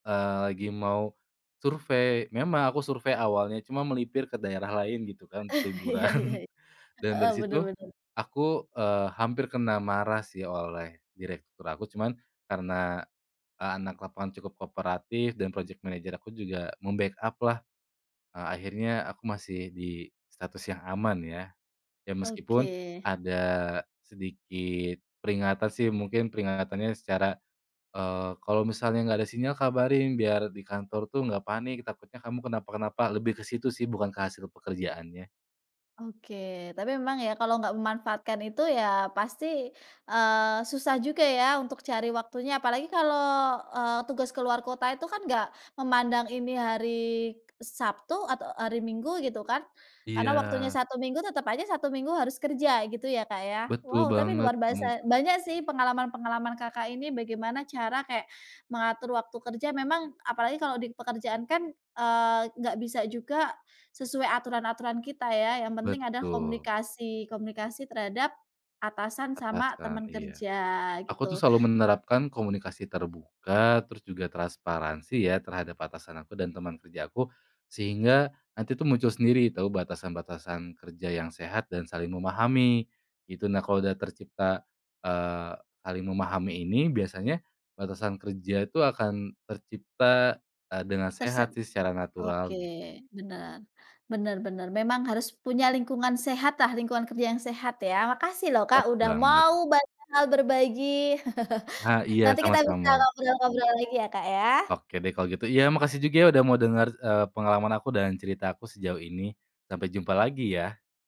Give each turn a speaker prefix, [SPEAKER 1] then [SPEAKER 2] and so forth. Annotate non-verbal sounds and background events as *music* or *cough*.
[SPEAKER 1] Eee, lagi mau survei. Memang aku survei awalnya cuma melipir ke daerah lain gitu kan, untuk
[SPEAKER 2] *chuckles*
[SPEAKER 1] liburan
[SPEAKER 2] Iya iya.
[SPEAKER 1] *chuckles* dan
[SPEAKER 2] Heeh
[SPEAKER 1] dari
[SPEAKER 2] bener
[SPEAKER 1] situ
[SPEAKER 2] bener.
[SPEAKER 1] aku, eee, hampir kena marah sih oleh direktur aku, cuman, karena anak lapangan cukup kooperatif dan project manager aku juga membackup lah. Akhirnya aku masih di status yang aman ya. Ya meskipun
[SPEAKER 2] Oke.
[SPEAKER 1] ada sedikit peringatan sih, mungkin peringatannya secara, eee, kalau misalnya enggak ada sinyal kabarin, biar di kantor tuh enggak panik, takutnya kamu kenapa-kenapa, lebih ke situ sih bukan ke hasil pekerjaannya.
[SPEAKER 2] Oke, tapi memang ya kalau nggak memanfaatkan itu ya pasti, eee, susah juga ya untuk cari waktunya apalagi kalau, eee, tugas keluar kota itu kan nggak memandang ini hari Sabtu atau hari Minggu gitu kan, karena waktunya
[SPEAKER 1] Iya.
[SPEAKER 2] Sabtu Minggu, tetep aja Sabtu Minggu harus kerja gitu ya Kak ya.
[SPEAKER 1] Betul
[SPEAKER 2] Wow tapi
[SPEAKER 1] banget
[SPEAKER 2] luar basa,
[SPEAKER 1] kemuke
[SPEAKER 2] banyak sih pengalaman-pengalaman Kakak ini, bagaimana cara kayak mengatur waktu kerja, memang apalagi kalo dipekerjaan kan, eee, gak bisa juga sesuai aturan-aturan kita ya, yang penting ada
[SPEAKER 1] Betul.
[SPEAKER 2] komunikasi, komunikasi terhadap atasan sama
[SPEAKER 1] Atasan,
[SPEAKER 2] teman
[SPEAKER 1] iya.
[SPEAKER 2] kerja
[SPEAKER 1] Aku tuh
[SPEAKER 2] gitu.
[SPEAKER 1] selalu menerapkan komunikasi terbuka, terus juga transparansi ya terhadap atasan aku dan teman kerja aku, sehingga nanti tuh muncul sendiri tahu batasan-batasan kerja yang sehat dan saling memahami. Gitu, nah kalau sudah tercipta, eee, saling memahami ini, biasanya batasan kerja itu akan tercipta, eee, dengan
[SPEAKER 2] Terse
[SPEAKER 1] sehat secara
[SPEAKER 2] oke
[SPEAKER 1] natural gi
[SPEAKER 2] bener, bener bener memang harus punya lingkungan sehat lah, lingkungan kerja yang sehat ya. Makasih loh Kak
[SPEAKER 1] *unintelligible*
[SPEAKER 2] udah
[SPEAKER 1] Banget.
[SPEAKER 2] mau banyak hal berbagi. *chuckles*
[SPEAKER 1] Ah iya
[SPEAKER 2] Nanti kita bisa
[SPEAKER 1] sama-sama.
[SPEAKER 2] ngobrol-ngobrol lagi ya Kak ya.
[SPEAKER 1] Oke deh kalau gitu. Iya makasih juga udah mau denger, eee, pengalaman aku dan cerita aku sejauh ini. Sampai jumpa lagi ya.